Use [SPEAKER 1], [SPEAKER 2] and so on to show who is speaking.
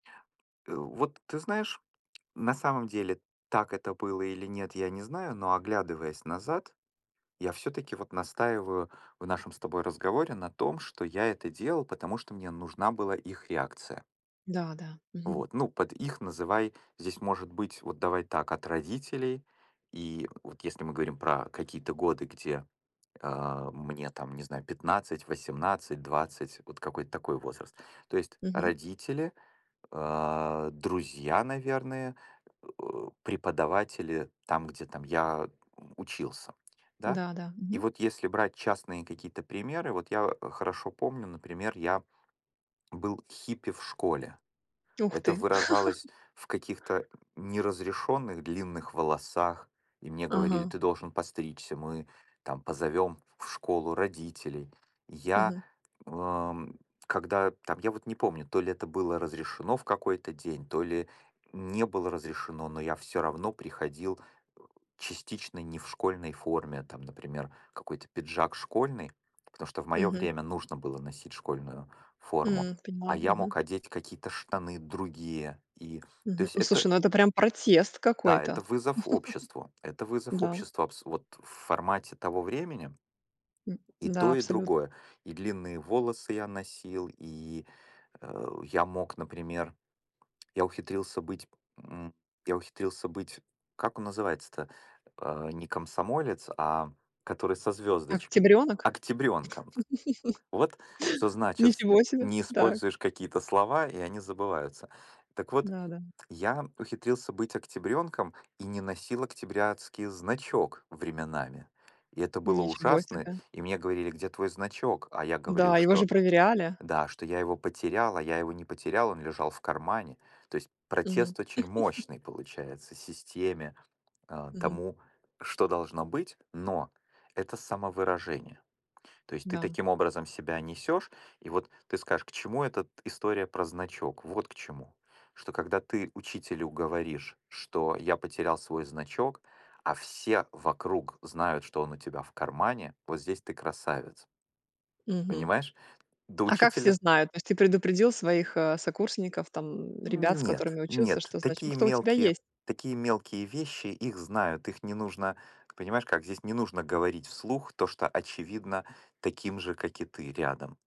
[SPEAKER 1] Э, вот ты знаешь, на самом деле, так это было или нет, я не знаю, но оглядываясь назад, я всё-таки, вот, настаиваю в нашем с тобой разговоре на том, что я это делал, потому что мне нужна была их реакция.
[SPEAKER 2] Да-да. Мгм.
[SPEAKER 1] Вот. Ну, под "их" называй, здесь может быть, вот давай так, от родителей, и, вот если мы говорим про какие-то годы, где, а, мне, там, не знаю, 15, 18, 20- вот какой-то такой возраст, то есть
[SPEAKER 2] Мгм.
[SPEAKER 1] родители, а, друзья, наверное, э э, преподаватели там, где там я, э, у учился, да?
[SPEAKER 2] Да-да.
[SPEAKER 1] И
[SPEAKER 2] Мгм.
[SPEAKER 1] вот если брать частные какие-то примеры, вот я хорошо помню, например, я был хиппи в школе.
[SPEAKER 2] Ух
[SPEAKER 1] Это
[SPEAKER 2] ты.
[SPEAKER 1] выражалось в каких-то н неразрешённых длинных волосах, и мне говорили:
[SPEAKER 2] Ага.
[SPEAKER 1] "Ты должен постричься, мы, там, позовём в школу родителей". Я,
[SPEAKER 2] Мгм.
[SPEAKER 1] э, м, когда там я вот не помню, то ли это было разрешено в какой-то день, то ли не было разрешено, но я всё равно приходил, э, частично не в школьной форме. Там, например, какой-то пиджак школьный, потому что в моё
[SPEAKER 2] Мгм.
[SPEAKER 1] время нужно было носить школьную форму,
[SPEAKER 2] М,
[SPEAKER 1] а
[SPEAKER 2] поняла.
[SPEAKER 1] я
[SPEAKER 2] Мгм.
[SPEAKER 1] мог одеть какие-то штаны другие и то
[SPEAKER 2] Мгм.
[SPEAKER 1] есть это
[SPEAKER 2] Слушай,
[SPEAKER 1] р
[SPEAKER 2] ну это прям протест
[SPEAKER 1] да,
[SPEAKER 2] какой-то.
[SPEAKER 1] это вызов обществу, это вызов
[SPEAKER 2] Да.
[SPEAKER 1] обществу. Абс вот в формате того времени
[SPEAKER 2] М.
[SPEAKER 1] и
[SPEAKER 2] Да,
[SPEAKER 1] то и
[SPEAKER 2] абсолютно.
[SPEAKER 1] другое: и длинные волосы я носил, и, э, я мог, например я ухитрился быть, м, я ухитрился быть как он называется-то? А, не комсомолец, а который со звёздочкой?
[SPEAKER 2] Октябрёнок?
[SPEAKER 1] Октябрёнком! Вот что значит:
[SPEAKER 2] Ничего себе.
[SPEAKER 1] не
[SPEAKER 2] Так.
[SPEAKER 1] используешь какие-то слова- и они забываются. Так вот,
[SPEAKER 2] Да-да.
[SPEAKER 1] я ухитрился быть октябрёнком и не носил октябрятский значок временами. И это было
[SPEAKER 2] Ничего
[SPEAKER 1] ужасно,
[SPEAKER 2] себе.
[SPEAKER 1] и мне говорили: "Где твой значок?" А я говорил,
[SPEAKER 2] Да, его же
[SPEAKER 1] что
[SPEAKER 2] проверяли.
[SPEAKER 1] да, что я его потерял, а я его не потерял, он лежал в кармане. То есть
[SPEAKER 2] Мгм.
[SPEAKER 1] протест очень мощный, получается, системе, э,
[SPEAKER 2] Мгм.
[SPEAKER 1] тому, что должно быть. Но, это- самовыражение, то есть ты
[SPEAKER 2] Да.
[SPEAKER 1] таким образом себя несешь и вот ты скажешь, к чему этот история про значок. Вот к чему. Что когда ты учителю говоришь, что "я потерял свой значок", а все вокруг знают, что он у тебя в кармане, вот здесь ты- красавец.
[SPEAKER 2] Мгм.
[SPEAKER 1] Понимаешь? До
[SPEAKER 2] А как все
[SPEAKER 1] учителя.
[SPEAKER 2] знают? То есть ты предупредил, своих, э, сокурсников, там, м, ребят, с
[SPEAKER 1] Нет,
[SPEAKER 2] которыми учился,
[SPEAKER 1] нет,
[SPEAKER 2] что
[SPEAKER 1] такие
[SPEAKER 2] значок-то у тебя
[SPEAKER 1] мелкие,
[SPEAKER 2] есть?
[SPEAKER 1] такие мелкие вещи- их знают, их не нужно, понимаешь как, здесь не нужно говорить вслух то, что очевидно таким же, как и ты рядом.